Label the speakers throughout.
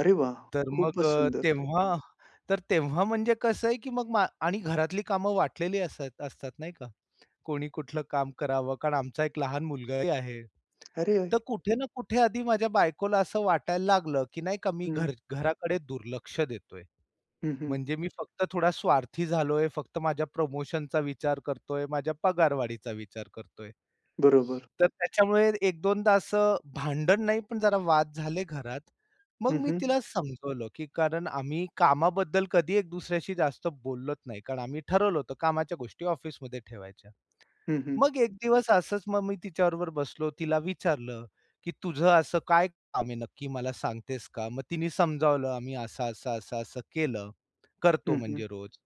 Speaker 1: अरे वाह!
Speaker 2: तर मग
Speaker 1: खूपच
Speaker 2: अ,
Speaker 1: सुंदर.
Speaker 2: तेव्हा तर तेव्हा म्हणजे कसं आहे, की मग आणि घरातली कामं वाटलेली असंय असतात नाही का. कोणी कुठलं काम करावं कारण आमचा एक लहान मुलगाही आहे.
Speaker 1: अरे!
Speaker 2: तर कुठे ना कुठे आधी माझ्या बायकोला असं वाटायला लागलं, की नाही का मी
Speaker 1: हं.
Speaker 2: घर घराकडे दुर्लक्ष देतोय.
Speaker 1: हं, हं.
Speaker 2: म्हणजे मी फक्त थोडा स्वार्थी झालोय. फक्त माझ्या प्रमोशनचा विचार करतोय. माझ्या पगारवाढीचा विचार करतोय.
Speaker 1: बरोबर.
Speaker 2: तर त्याच्यामुळे एक दोनदा असं भांडण नाही पण जरा वाद झाले घरात. मग
Speaker 1: हं,
Speaker 2: मी
Speaker 1: हं.
Speaker 2: तिला समजावलं, की कारण आम्ही कामाबद्दल कधी एक दुसऱ्याशी जास्त बोलत नाही कारण आम्ही ठरवलं होतं कामाच्या गोष्टी ऑफिसमध्ये ठेवायच्या.
Speaker 1: हं, हं.
Speaker 2: मग एक दिवस असंच मग मी तिच्याबरोबर बसलो. तिला विचारलं की "तुझं असं काय काम आहे नक्की मला सांगतेस का?" मग तिने समजावलं "आम्ही असं-असं, असं-असं केलं, करतो
Speaker 1: हं, हं.
Speaker 2: म्हणजे रोज."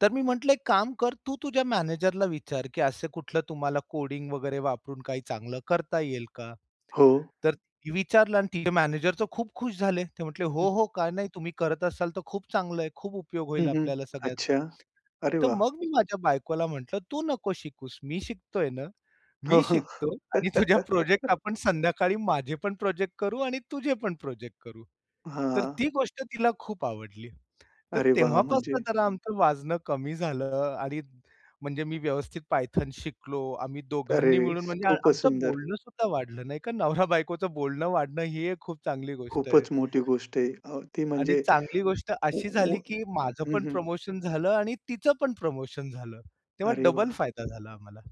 Speaker 2: तर मी म्हटलं "एक काम कर. तू तुझ्या मॅनेजरला विचार, की असं कुठलं तुम्हाला कोडिंग वगैरे वापरून काही चांगलं करता येईल का?"
Speaker 1: हो.
Speaker 2: तर विचारलं आणि तिचे मॅनेजर तर खूप खुश झाले. ते म्हंटले "हो.
Speaker 1: हं.
Speaker 2: हो. का नाही? तुम्ही करत असाल तर खूप चांगलं आहे. खूप उपयोग
Speaker 1: हं,
Speaker 2: होईल
Speaker 1: हं.
Speaker 2: आपल्याला
Speaker 1: अच्छा.
Speaker 2: सगळ्यांना."
Speaker 1: अरे
Speaker 2: तर
Speaker 1: वाह!
Speaker 2: मग मी माझ्या बायकोला म्हंटलं "तू नको शिकूस. मी शिकतोय ना.
Speaker 1: हो, हो,
Speaker 2: मी शिकतो आणि तुझ्या
Speaker 1: हं.
Speaker 2: प्रोजेक्ट आपण संध्याकाळी माझे पण प्रोजेक्ट करू आणि तुझे पण प्रोजेक्ट करू." तर
Speaker 1: हां.
Speaker 2: ती गोष्ट तिला खूप आवडली. तर
Speaker 1: अरे वाह!
Speaker 2: तेव्हापासून
Speaker 1: म्हणजे?
Speaker 2: जरा आमचं वाजणं कमी झालं. आणि म्हणजे मी व्यवस्थित पायथन शिकलो. आम्ही दोघांनी
Speaker 1: अरे!
Speaker 2: मिळून म्हणजे
Speaker 1: खूप
Speaker 2: आमचं
Speaker 1: सुंदर.
Speaker 2: बोलणंसुद्धा वाढलं नाही का. नवरा-बायकोचं बोलणं वाढणं ही एक खूप चांगली गोष्ट आहे.
Speaker 1: खूपच मोठी गोष्ट आहे. अ. ती
Speaker 2: आणि
Speaker 1: म्हणजे
Speaker 2: चांगली गोष्ट
Speaker 1: ऊ
Speaker 2: अशी
Speaker 1: ऊ
Speaker 2: झाली, की माझं
Speaker 1: हं,
Speaker 2: पण
Speaker 1: हं.
Speaker 2: प्रमोशन झालं आणि तिचं पण प्रमोशन झालं. तेव्हा
Speaker 1: अरे
Speaker 2: डबल
Speaker 1: वाह!
Speaker 2: फायदा झाला आम्हाला.